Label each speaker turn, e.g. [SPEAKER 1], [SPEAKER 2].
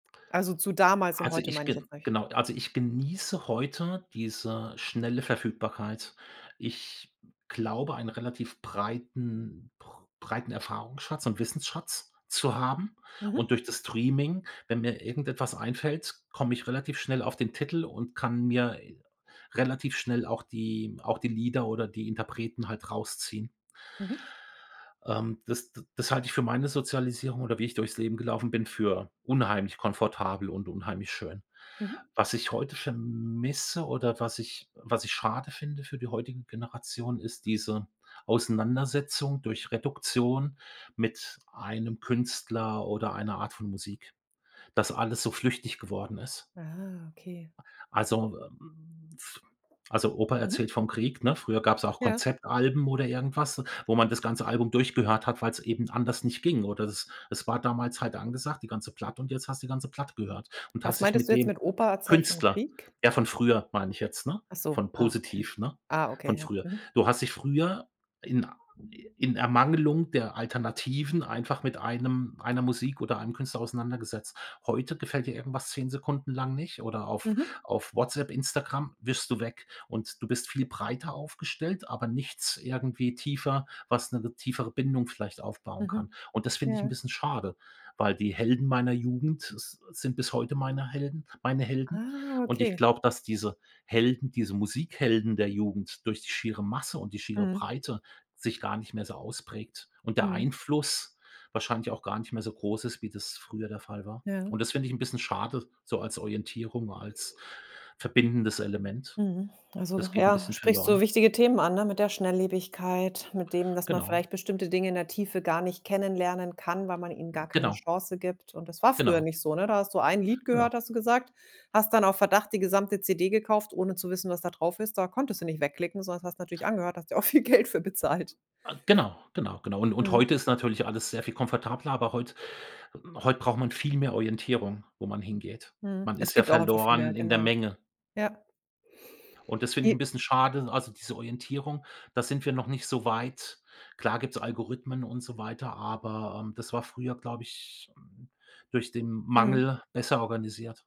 [SPEAKER 1] Also zu damals und
[SPEAKER 2] Also
[SPEAKER 1] heute
[SPEAKER 2] ich
[SPEAKER 1] meine ich
[SPEAKER 2] gen
[SPEAKER 1] jetzt nicht.
[SPEAKER 2] genau also ich genieße heute diese schnelle Verfügbarkeit. Ich glaube, ein relativ breiten br breiten Erfahrungsschatz und Wissensschatz zu haben und
[SPEAKER 1] Mhm.
[SPEAKER 2] durch das Streaming, wenn mir irgendetwas einfällt, komme ich relativ schnell auf den Titel und kann mir relativ schnell auch die auch die Lieder oder die Interpreten halt rausziehen.
[SPEAKER 1] Mhm.
[SPEAKER 2] Ähm, das d das halte ich für meine Sozialisierung oder wie ich durchs Leben gelaufen bin, für unheimlich komfortabel und unheimlich schön.
[SPEAKER 1] Mhm.
[SPEAKER 2] Was ich heute vermisse oder was ich was ich schade finde für die heutigen Generationen, ist diese Auseinandersetzung durch Reduktion mit einem Künstler oder einer Art von Musik, dass alles so flüchtig geworden ist.
[SPEAKER 1] Ah, okay.
[SPEAKER 2] A also, ähm, f also, Opa
[SPEAKER 1] Mhm.
[SPEAKER 2] erzählt vom Krieg, ne? Früher gab's auch
[SPEAKER 1] Ja.
[SPEAKER 2] Konzeptalben oder irgendwas, wo man das ganze Album durchgehört hat, weil's eben anders nicht ging. Oder es es war damals halt angesagt, die ganze Platte und jetzt hast du die ganze Platte gehört und
[SPEAKER 1] Was
[SPEAKER 2] hast dich
[SPEAKER 1] meintest
[SPEAKER 2] mit
[SPEAKER 1] du jetzt
[SPEAKER 2] dem
[SPEAKER 1] mit Opa, erzähl vom
[SPEAKER 2] Künstler
[SPEAKER 1] Krieg?
[SPEAKER 2] ja von früher, meine ich jetzt, ne?
[SPEAKER 1] Ach so,
[SPEAKER 2] Von
[SPEAKER 1] ah okay.
[SPEAKER 2] positiv, ne?
[SPEAKER 1] Ah okay,
[SPEAKER 2] Von
[SPEAKER 1] ja,
[SPEAKER 2] früher.
[SPEAKER 1] mhm.
[SPEAKER 2] Du hast dich früher in a in Ermangelung der Alternativen einfach mit einem einer Musik oder einem Künstler auseinandergesetzt. Heute gefällt dir irgendwas 10 Sekunden lang nicht oder auf
[SPEAKER 1] Mhm.
[SPEAKER 2] auf Whatsapp, Instagram, wischst du weg und du bist viel breiter aufgestellt, aber nichts irgendwie tiefer, was 'ne ge tiefere Bindung vielleicht aufbauen kann
[SPEAKER 1] Mhm,
[SPEAKER 2] und das finde ich 'n
[SPEAKER 1] ja.
[SPEAKER 2] bisschen schade, weil die Helden meiner Jugend s sind bis heute meine Helden meine Helden
[SPEAKER 1] Ah,
[SPEAKER 2] und ich
[SPEAKER 1] okay.
[SPEAKER 2] glaube, dass diese Helden, diese Musikhelden der Jugend durch die schiere Masse und die schiere
[SPEAKER 1] Mhm.
[SPEAKER 2] Breite sich gar nicht mehr so ausprägt und der
[SPEAKER 1] Mhm.
[SPEAKER 2] Einfluss wahrscheinlich auch gar nicht mehr so groß ist, wie das früher der Fall war
[SPEAKER 1] Ja.
[SPEAKER 2] und das finde ich 'n bisschen schade, so als Orientierung, als verbindendes Element.
[SPEAKER 1] Mhm, also
[SPEAKER 2] Das geht 'n
[SPEAKER 1] ja.
[SPEAKER 2] bisschen
[SPEAKER 1] Sprichst so
[SPEAKER 2] verloren.
[SPEAKER 1] wichtige Themen an, ne, mit der Schnelllebigkeit, mit dem, dass man
[SPEAKER 2] Genau.
[SPEAKER 1] vielleicht bestimmte Dinge in der Tiefe gar nicht kennenlernen kann, weil man ihnen
[SPEAKER 2] M
[SPEAKER 1] gar keine
[SPEAKER 2] genau.
[SPEAKER 1] Chance gibt und das war früher
[SPEAKER 2] Genau.
[SPEAKER 1] nicht so, ne? Da hast du ein Lied
[SPEAKER 2] Ja.
[SPEAKER 1] gehört, hast du gesagt, hast dann auf Verdacht die gesamte CD gekauft, ohne zu wissen, was da drauf ist. Da konntest du nicht wegklicken, sondern das hast natürlich angehört, hast du auch viel Geld für bezahlt.
[SPEAKER 2] A genau. Genau. Genau, un und
[SPEAKER 1] Mhm.
[SPEAKER 2] heute ist natürlich alles sehr viel komfortabler, aber heut heut braucht man viel mehr Orientierung, wo man hingeht.
[SPEAKER 1] Mhm,
[SPEAKER 2] Man
[SPEAKER 1] es
[SPEAKER 2] ist ja
[SPEAKER 1] gibt auch einfach viel mehr,
[SPEAKER 2] verloren in der
[SPEAKER 1] genau.
[SPEAKER 2] Menge.
[SPEAKER 1] Ja.
[SPEAKER 2] Und das finde ich
[SPEAKER 1] J
[SPEAKER 2] 'n bisschen schade. Also diese Orientierung, da sind wir noch nicht so weit. Klar gibt's Algorithmen und so weiter, aber, ähm, das war früher, glaube ich, hm, durch den
[SPEAKER 1] Mhm.
[SPEAKER 2] Mangel besser organisiert.